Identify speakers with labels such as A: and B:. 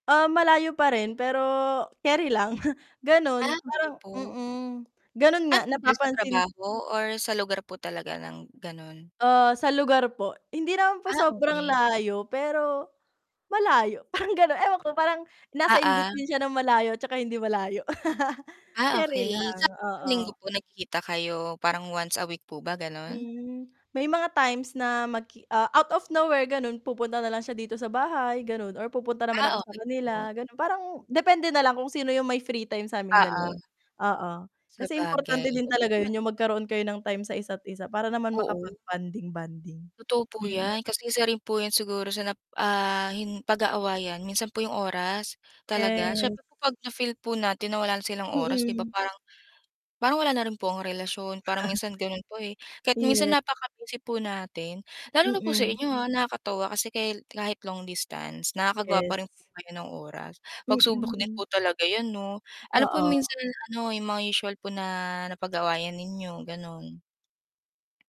A: Ah, malayo pa rin, pero carry lang. Ganun,
B: Ah, okey
A: parang
B: po.
A: mm, ganun
B: Ah,
A: nga
B: nandun sa
A: napapansin
B: trabaho or sa lugar po talaga ng ganun?
A: Ah, sa lugar po. Hindi naman po
B: Ah,
A: sobrang
B: okey.
A: layo, pero malayo parang gano'n. Ewan ko, parang nasa
B: Ah,
A: in
B: ah.
A: between siya ng malayo tsaka hindi malayo.
B: Ah,
A: Carry
B: okey,
A: lang,
B: sa isang linggo
A: oo.
B: po nagkikita kayo parang once a week po ba, gano'n?
A: Hmm, may mga times na mag ah, out of nowhere ganun pupunta na lang siya dito sa bahay, ganun or pupunta naman ako
B: Ah,
A: sa
B: okey po.
A: kanila, gano'n. Parang depende nalang kung sino yung may free time sa aming 2.
B: Oo.
A: Oo, kasi importante
B: Sabagay,
A: din
B: okey
A: talaga
B: naman.
A: yun yung magkaroon kayo ng time sa isa't isa para naman
B: Oo.
A: makapag-bonding-bonding.
B: Tooo po
A: Mm.
B: 'yan kasi isa rin po siguro sa nap ah, hin pag-aawayan, minsan po 'yong oras talaga.
A: Yes.
B: Siyempre 'pag na-feel po natin na wala na silang oras, 'di ba
A: Mm.
B: parang parang wala na rin po ang relasyon. Parang minsan ganun po, eh. Kahit minsan
A: Ye
B: napaka-busy po natin lalo na po sa
A: Mm.
B: inyo, ha. Nakakatuwa kasi kahi kahit long distance nakakagawa pa
A: Yes.
B: rin po kayo ng oras. Pagsubok din po
A: Mm.
B: talaga 'yan 'no? Ano po
A: Oo.
B: minsan ano, yung mga usual po na napag-awayan ninyo, ganun?